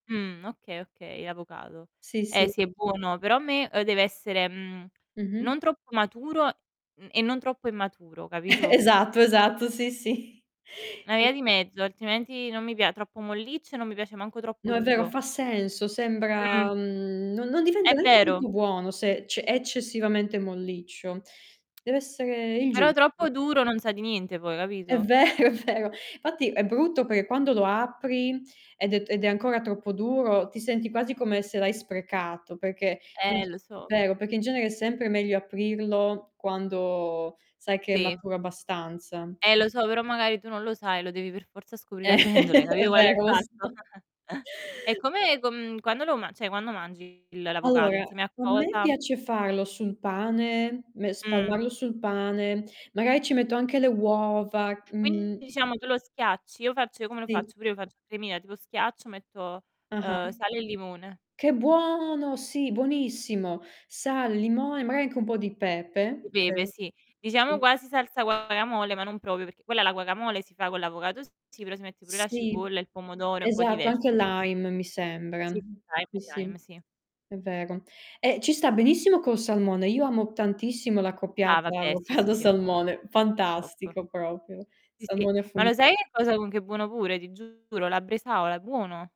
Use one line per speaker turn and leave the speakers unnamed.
Mh, okay, okay, l'avocado.
Sì,
Eh
sì.
sì, è buono, però a me, ehm, deve essere, mhmm, non
Mh-mh.
troppo maturo, mhmm, e non troppo immaturo, capito?
Esatto, esatto, sì, sì.
Una via
E
di mezzo, altrimenti non mi pia troppo molliccio e non mi piace manco troppo
No, è vero,
duro.
fa senso,
Mh.
sembra mhmm, non non
È
diventa neanche più
vero.
più buono se, cioè è eccessivamente molliccio. Deve essere il
Però
giusto.
troppo duro non sa di niente poi,
È
capito?
vero, è vero. Fatti è brutto per quando lo apri, ed è t ed è ancora troppo duro, ti senti quasi come se l'hai sprecato, perché
Eh,
inc
lo so.
vero, perché in genere è sempre meglio aprirlo quando sai che è
Sì.
maturo abbastanza.
Eh
Sì.
lo so, però magari tu non lo sai, lo devi per forza scoprire
Eh,
aprendolo, hai
è
capito qual è il
vero lo
fatto?
so.
E come, com mhmm, quando lo ma cioè quando mangi il l'avocado,
Allora,
insieme a
a me
cosa?
piace farlo sul pane, me
Mh.
spalmarlo sul pane. Magari ci metto anche le uova,
Quindi
mhmm
diciamo tu lo schiacci. Io faccio come lo
Sì.
faccio, prima faccio cremina, te lo schiaccio, metto,
Ah-ah.
ehm, sale e limone.
Che buono! Sì, buonissimo. Sale, limone, magari anche un po' di pepe.
Pepe,
Eh,
sì. Diciamo
sì.
quasi salsa guacamole, ma non proprio, perché quella, la guacamole, si fa con l'avocado s sì, però si mette pure la
Sì,
cipolla, il pomodoro, è un po'
esatto, anche
diversa, sì.
lime mi sembra.
Sì,
Sì,
anche il
sì,
lime, sì.
è vero. Ehm, ci sta benissimo col salmone. Io amo tantissimo
Ah,
l'accoppiata
vabbè, sì, sì, sì, è buono.
avocado-salmone,
Top.
fantastico proprio.
Sì, sì.
Salmone
Ma
affumi
lo sai che cosa con che è buono pure, ti giuro: la bresaola. È buono!